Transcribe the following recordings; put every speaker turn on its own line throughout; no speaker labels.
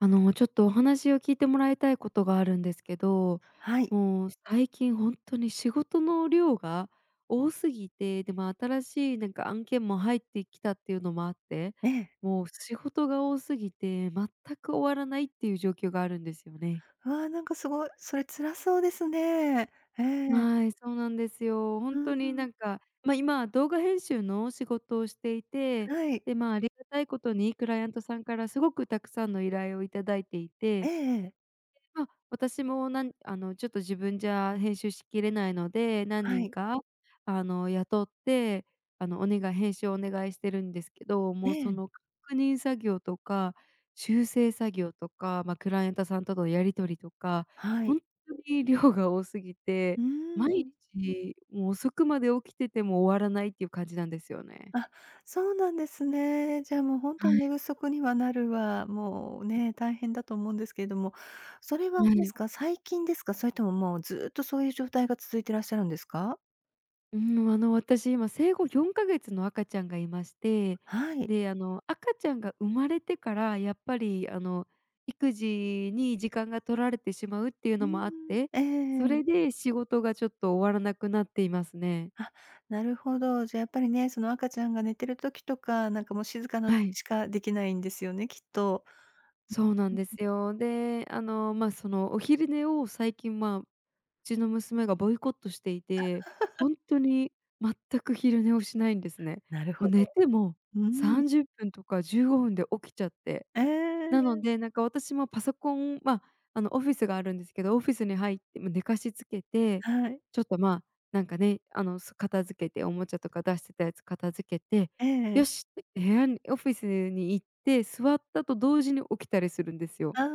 あの、ちょっとお話を聞いてもらいたいことがあるんですけど、
はい。
もう最近ほんとに仕事の量が多すぎて、でも新しいなんか案件も入ってきたっていうのもあって、
ええ。
もう仕事が多すぎて、全く終わらないっていう状況があるんですよね。
わあ、なんかすごい、それ辛そうですね。ええ。
はい、そうなんですよ。ほ
う
ん
ん
とに
う
な
ん。
んか、ま、今、動画編集の仕事をしていて、
はい。
で、まあ、ありがたいことにクライアントさんからすごくたくさんの依頼を頂いてい
え
て、
え
で、
ええ。
まあ、私もなんあのちょっと自分じゃ編集しきれないので、何
は
人
い。
か、あの雇って、あのお願い編集をお願いしてるんですけど、
え
もうそ
え。
の確認作業とか修正作業とか、ま、クライアントさんとのやり取りとか、
は
ほ
い。
んとに量が多すぎ
う
て
ー
毎
ん。
日、もう遅くまで起きてても終わらないっていう感じなんですよね。
あ、そうなんですね。じゃあもうほんとに
はい。
寝不足にはなるわ、もうね、大変だと思うんですけれども、それは
は
あれです
い。
か、最近ですか？それとも、もうずっと、そういう状態が続いてらっしゃるんですか？
うーん、あの、私、今生後4か月の赤ちゃんがいまして、
はい。
で、あの、赤ちゃんが生まれてから、やっぱり、あの、育児に時間が取られてしまうっていう
うー
のもあっ
ん、
て、
ええ
そ
ええ。
れで仕事がちょっと終わらなくなっていますね。
あ、なるほど。じゃあ、やっぱりね、その赤ちゃんが寝てる時とか、なんか、もう、静かな
は
時
い。
しかできないんですよね、きっと。
そうなんで
[unintelligible]
すよ。で、あの、ま、その、お昼寝を最近、まあ、うちの娘がボイコットしていて、ほんとに全く昼寝をしないんですね。
なるほ
もう
ど。
寝ても、
うー
さ
ん。
んじゅっぷんとか15分で起きちゃって。
ええ、
な
え
の
え。
で、なんか、私もパソコン、まあ、あの、オフィスがあるんですけど、オフィスに入っても、寝かしつけて、
はい。
ちょっと、まあ、なんかね、あの、す片付けておもちゃとか出してたやつ片付けて、
ええ。
よしって、部屋にオフィスに行って座ったと同時に起きたりするんですよ。
ああ。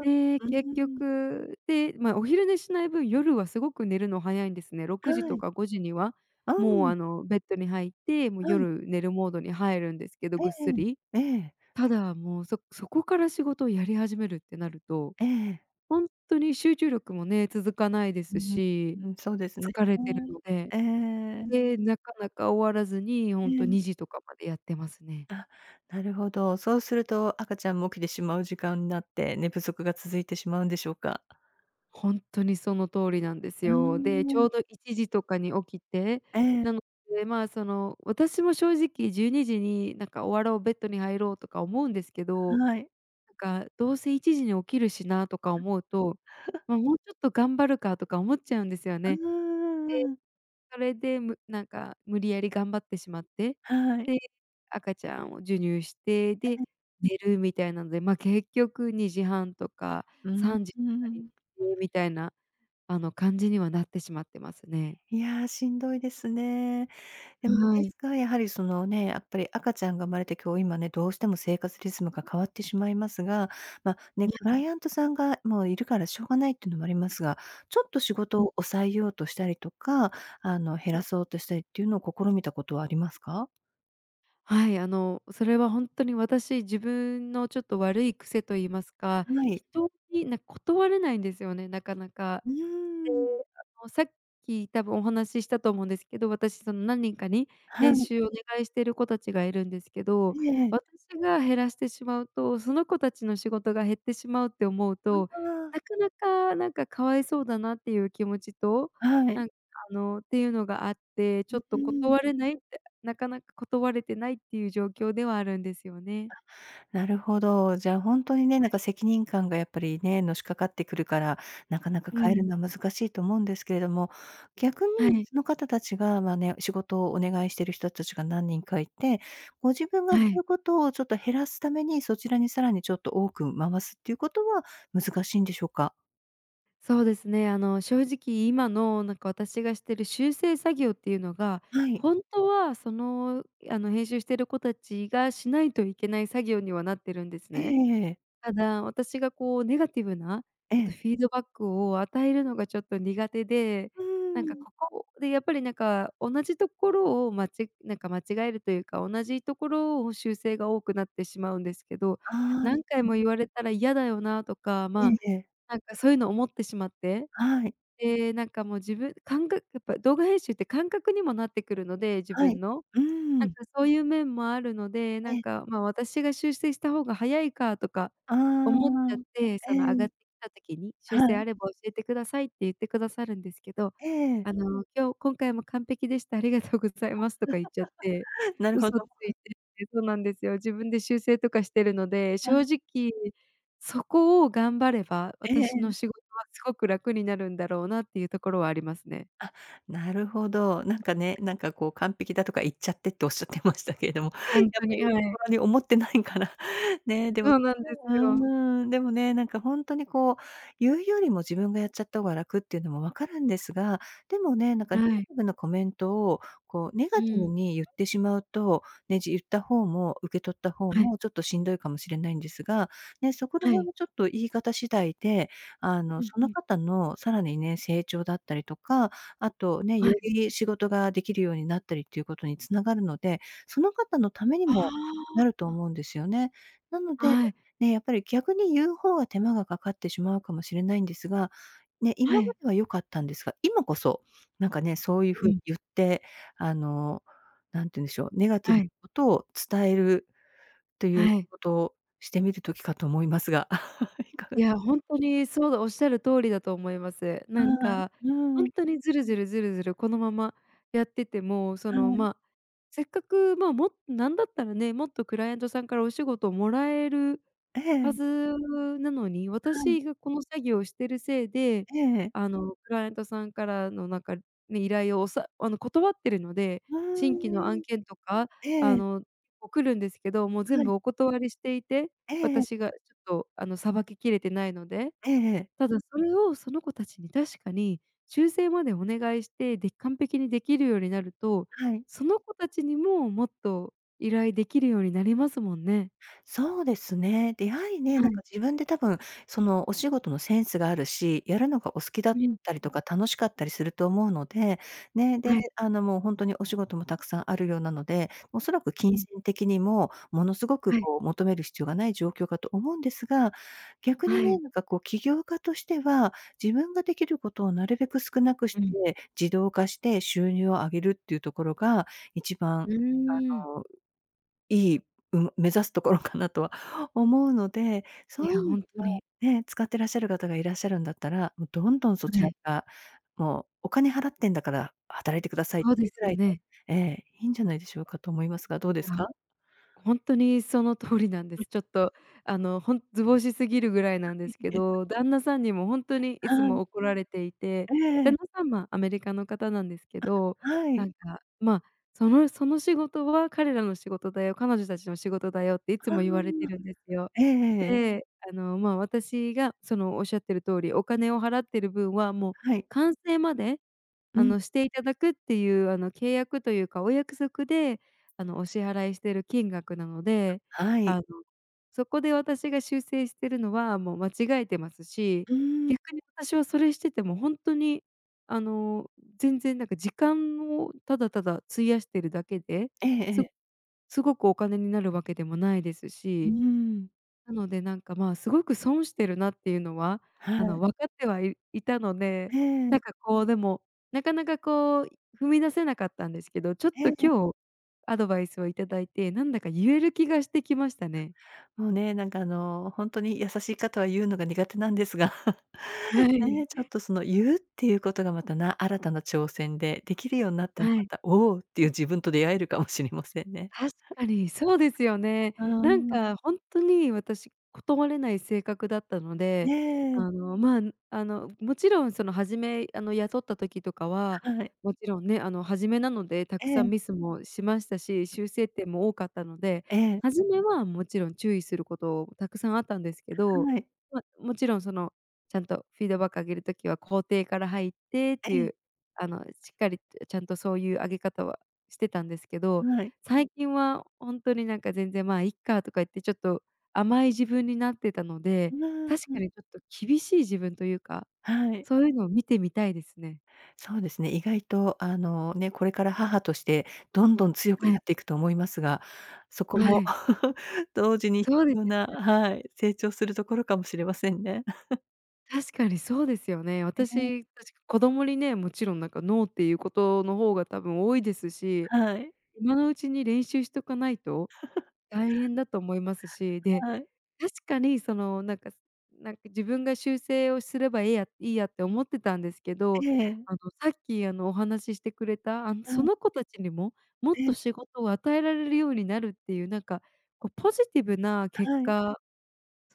で、
うー
結
ん。
局で、ま、お昼寝しない分、夜はすごく寝るの早いんですね。6時
は
と
い。
か5時には、
あ、う
もう、
ん。
あの、ベッドに入って、もう
はい。
夜寝るモードに入るんですけど、
え
ぐっ
え
すり。
ええ。ええ。
ただ、もう、そそこから仕事をやり始めるってなると、
ええええ。
ほんとに集中力もね、続かないで
う
すし、
ーん、そうですね。
疲れてるので。
ええ。
で、なかなか終わらずに、ほ
え
んと
え。
2時とかまでやってますね。
あ、なるほど。そうすると赤ちゃんも起きてしまう時間になって、寝不足が続いてしまうんでしょうか。
ほんとにその通りなんです
う
よ。で、
ー
ち
ん。
ょうど1時とかに起きて。
ええ。
なので、まあ、その、私も正直12時に、なんか、終わろう、ベッドに入ろうとか思うんですけど、
はい。
なんか、どうせ1時に起きるしなとか思うと、ま、もうちょっと頑張るかとか思っちゃうんですよ
う
ね。
ー
で、
ん。
それでむなんか、無理やり頑張ってしまって、
はい。
で、赤ちゃんを授乳して、
え
で、
え。
寝るみたいなので、ま、結局2時30分とか
うー
3時とかに
ん。
みたいな、あの、感じにはなってしまってますね。
いや、しんどいですね。でも、で
はい。
すが、やはり、そのね、やっぱり赤ちゃんが生まれて今日今ね、どうしても生活リズムが変わってしまいますが、ま、ね、
いや、
ク
い
ライアントさんがもういるからしょうがないっていうのもありますが、ちょっと仕事 を抑えようとしたりとか、あの、減 らそうとしたりっていうのを試みたことはありますか？
はい、あの、それは本当に私、自分の、ちょっと悪い癖と言いますか、
はい。
人に、なん断れないんですよね、なかなか。
う
で、
ーん。
あの、さっき、多分お話ししたと思うんですけど、私、その何人かに
は
編
い。
集をお願いしてる子たちがいるんですけど、
ええ。
私が減らしてしまうと、「その子たちの仕事が減ってしまう」って思う
う
と、
わ。
なかなか、なんか「可哀そうだな」っていう気持ちと、
は
な
い。
んか、あの、ていうのがあって、ち
う
ょ
う
っと
ーん。
断れないって、なかなか断れてないっていう状況ではあるんですよね。
あ、なるほど。じゃあ、ほんとにね、な
は
ん
い。
か、責任感がやっぱりね、のしかかってくるから、なかなか
う
変える
ん。
のは難しいと思うんですけれども、逆に、
はい。
その方たちが、まあ、ね、仕事をお願いしてる人たちが何人かいて、ご自分がや
はい。
ることをちょっと減らすために、そちらに、さらにちょっと多く回すっていうことは難しいんでしょうか？
そうですね。あの、正直今の、なんか、私がしてる修正作業っていうのが、
はい。
本当は、その、あの、編集してる子たちがしないといけない作業にはなってるんです
ええ
ね。
ええええ。
ただ私がこうネガティブな、
え
ちょっと、
え。
フィードバックを与えるのがちょっと苦手で、
うー
なんか
ん。
ここでやっぱりなんか同じところを、まちなんか間違えるというか、同じところを修正が多くなってしまうんですけど、
ああ、う
「何回
うん。
も言われたら嫌だよな」とか、
え
ま
えええ。
あ、なんかそういうのを思ってしまって、
はい。
で、なんか、もう、自分かんがやっぱ、動画編集って感覚にもなってくるので、自
はい。
分の。
うー
なん
ん。
か、そういう面もあるので、
え
なん
え。
か、ま、「私が修正した方が早いか」とか
あ
思っちゃっ
あ、
て、
え
その
え、
上がってきた時に、「修
は
正
い。
あれば教えてください」って言ってくださるんですけど、
ええ。
あの「今日今回も完璧でした。ありがとうございます」とか言っちゃって、
なるほ
嘘つ
ど。
いてそうなんですよ。自分で修正とかしてるので、
は
正
い。
直そこを頑張れば
えええ
私の
え。
仕事は「すごく楽になるんだろうな」っていうところはありますね。
あ、なるほど、なんかね、なんかこう、「完璧だ」とか言っちゃってっておっしゃってましたけれども、
ほん
や
と
っぱり
に。ええ。
心に思ってないから。ねえ、でもう
そうなんですよ。
ーん、でもね、なんかほんとに、こう、言うよりも自分がやっちゃった方が楽っていうのも分かるんですが、でもね、なんかネガ
はい。
ティブなコメントを、こう、ネ
う
ガティ
ー
ブ
ん。
にゆってしまうと、ね、じ言った方も受け取った方
はい。
も、ちょっとしんどいかもしれないんですが、ね、そこら
は
辺
い。
はちょっと言い方次第で、あの、
うん
そ
う
の
ん。
方のさらにね、成長だったりとか、あと、ね、
はい。
より仕事ができるようになったりっていうことに繋がるので、その方のために
あ
もなると
ああ。
思うんですよね。なので、
はい。
ねえ、やっぱり逆に言う方が手間がかかってしまうかもしれないんですが、ね、
は
今ま
い。
では良かったんですが、今こそなんかね、そういう
う
風に
ん。
ゆって、あの、何て言うんでしょう、ネガティ
は
ブな
い。
ことを伝えるという仕
はい。
事をしてみる時かと思いますが、いかが
い
でし
や、
ょう。
ほんとに、そうでおっしゃる通りだと思います。なん
はい。
か
うー
ほん
ん。
とにズルズルズルズルこのままやってても、そ
は
の、
い。
ま、せっかく、ま、もう、なんだったらね、もっとクライアントさんからお仕事をもらえる
え
は
え。
ずなのに、
はい。
私がこの作業をしてるせいで、
ええ。
あの、クライアントさんからの、なんか、ね、依頼を、おさあの断ってるので。
う
新規の
ー
案
ん。
件とか、
えええ
あ
え。
の、来るんですけど、もう
は
全
い。
部お断りしていて、
ええええ。
私がちょっと、あの、さばききれてないので、
ええええ。
ただそれをその子たちに確かに修正までお願いして、で、完璧にできるようになると、
はい。
その子たちにももっと依頼できるようになりますもんね。
そうですね。出会いね、
は
なんか
い。
自分で、多分、その、お仕事のセンスがあるし、やるのがお好きだ
う
っ
ん
たり
う。
とか、楽しかったりすると思うので、ね、で、
はい。
あの、もう本当にお仕事もたくさんあるようなので、おそらく
う
金
ん。
銭的にも、ものすごく、
はい。
こう、求める必要がない状況かと思うんですが、逆に
は
ね、
い。
なんかこう、起業家としては、自分ができることをなるべく少なくし
うん。
て、自動化して収入を上げるっていうところが、一
う
番、
ーん。
あの、いい、うん、目指すところかなとは思うので、そ
い
ういう
や、
意味
ほんとに。
ではね、使ってらっしゃる方がいらっしゃるんだったら、もう、どんどんそ
え
ちら
え。
が、もう、「お金払ってんだから働いてください」って
そう
い
で
うぐ
すよ
らいで
ね。
ええ、いいんじゃないでしょうかと思いますが、どうで
い
す
や、
か？
ほんとにその通りなんで
うん。
す。ちょっと、あの、ほん図星すぎるぐらいなん
あ、
ですけど、旦那さんにも、ほんとにい
は
つ
い。
も怒られていて、
えええ
旦
え。
那さんはアメリカの方なんですけ
あ、
ど、
は
な
い。
んか、まあ、「そのその仕事は彼らの仕事だよ、彼女たちの仕事だよ」っていつ
ああ、
も言われてるんですよ。
ええええええ。
で、あの、ま、私が、その、おっしゃってる通り、お金を払ってる分は、もう、
はい。
完成まで、
う
あ
ん。
の、していただくっていうあの契約というか、お約束で、あの、お支払いしてる金額なので、
はい。
あのそこで私が修正してるのはもう間違えてますし、
うーん。
逆に私はそれしてても本当にあの全然なんか時間をただただ費やしてるだけで
ええええ。
すすごくお金になるわけでもないです
うー
し。
ん。
なので、なんか、まあ、すごく損してるなっていうのは、
は
あ
い。
の、分かってはいいたので、
ええ。
なんか、こう、でも、なかなか、こう、踏み出せなかったんですけど、ちょっと
ええ。
今日アドバイスをいただいて、なんだか言える気がしてきましたね。
あ、もう、ね、なんか、あの、ほんとに優しい方は、言うのが苦手なんですが。
は
ね
い。
え、ちょっと、そのゆうっていうことが、また、な新たな挑戦で、できるようになったら、
は
ま
い。
た、「おう」っていう自分と出会えるかもしれませんね。
確かにそうですよね。
あ、うー
なん
ん。
か、ほんとに、私、断れない性格だったの
え
で、
え。
あの、まあ、あの、もちろんその初め、あの、雇った時とかは、
はい。
もちろんね、あの初めなのでたく
え
さ
え。
んミスもしましたし、修正点も多かったので、
ええ。
初めはもちろん注意すること、たくさんあったんですけど、
はい。
まあ、もちろん、その、ちゃんとフィードバックをあげる時は、肯定から入ってって
え
いう、
え。
あの、しっかりちゃんとそういうあげ方はしてたんですけど、
はい。
最近はほんとに、なんか、全然、「ま、いっか」とか言ってちょっと甘い自分になってたので、
うわ、
確
う
か
ん。
にちょっと厳しい自分というか、
はい。
そういうのを見てみたいですね。
そうですね。意外とあの、ね、これから母として、どんどん強く
は
な
い。
っていくと思いますが、そこ
は
も
い。
同時に必
そうです
要
よ
な
ね。
はい、成長するところかもしれませんね。
確かにそうですよね。
ええ。
私、確か子供にね、もちろん、なんか、ノーっていうことの方が多分多いですし、
はい。
今のうちに練習しとかないと大変だと思います し、で、
はい。
確かに、その、なんかなんか自分が修正をすればいいやいいやって思ってたんですけ
え
ど、
え。
あの、さっき、あの、お話ししてくれた、あの、
う
そ
ん。
の子たちにももっ
え
と
え。
仕事を与えられるようになるっていう、なんか、こう、ポジティブな結
はい。
果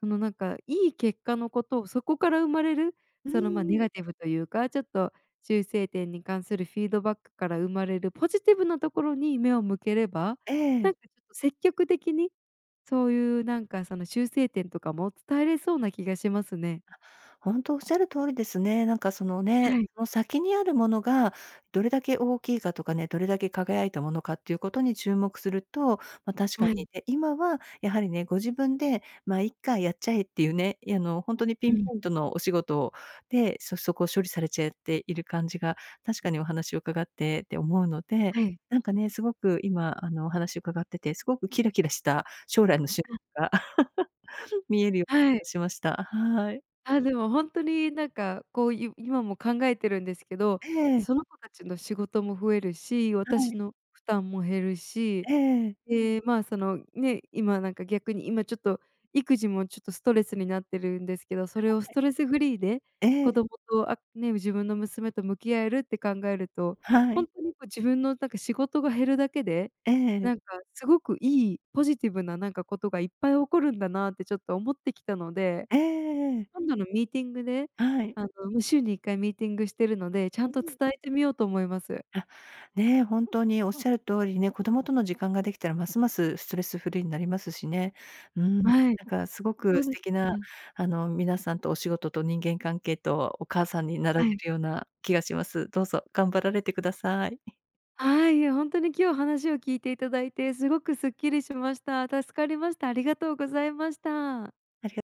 その、なんか、いい結果のことを、そこから生まれる、
う
その、まあ、ネ
んうん。
ガティブというか、ちょっと修正点に関するフィードバックから生まれるポジティブなところに目を向ければ、
え
な
え。
んか、ちょっと、積極的にそういう、なんか、その修正点とかも伝えれそうな気がしますね。
あ、ほんとおっしゃる通りですね。なんか、そのね、
はい。
その先にあるものがどれだけ大きいかとかね、どれだけ輝いたものかっていうことに注目すると、ま、確か
は
に。
い。
で、今はやはりね、ご自分で「まあ、いっか、やっちゃえ」っていうね、あの、ほんとにピ
う
ン
ん。
ポイントのお仕事で、そそこ処理されちゃっている感じが確かにお話を伺ってて思うので、
はい。
なんかね、すごく今、あの、お話を伺ってて、すごくキラキラした将来の仕
あ。
事が 見えるよう
はい。
な気がしました。はい。
あ、でも、ほんとに、なんか、こう、い今も考えてるんですけど、
ええ。
その子たちの仕事も増えるし、
は
私
い。
の負担も減るし、
ええ。
で、まあ、そのね、今なんか逆に今ちょっと育児もちょっとストレスになってるんですけど、それをス
はい。
トレスフリーで
え
子
え。
供とあね、自分の娘と向き合えるって考えると、
は
ほ
い。
んとに、こう、自分の、なんか、仕事が減るだけで、
ええ。
なんかすごくいいポジティブな、なんか、ことがいっぱい起こるんだなってちょっと思ってきたので、
ええええええ。
今度のミーティングで、
はい。
あの、も、週に1回ミーティングしてるので、ちゃ
う
んと
ん。
伝えてみようと思います。
あ、ねえ、本当におっしゃる通りね、子供との時間ができたらますますストレスフリーになりますしね。うーん、
はい。
なんか、すごく
そう
素
で
敵
す
な、
ね。
あの、皆さんと、お仕事と、人間関係と、お母さんになられ
はい。
るような気がします。どうぞ頑張られてください。
はい、いや、ほんとに今日話を聞いていただいて、すごくすっきりしました。助かりました。ありがとうございました。
ありが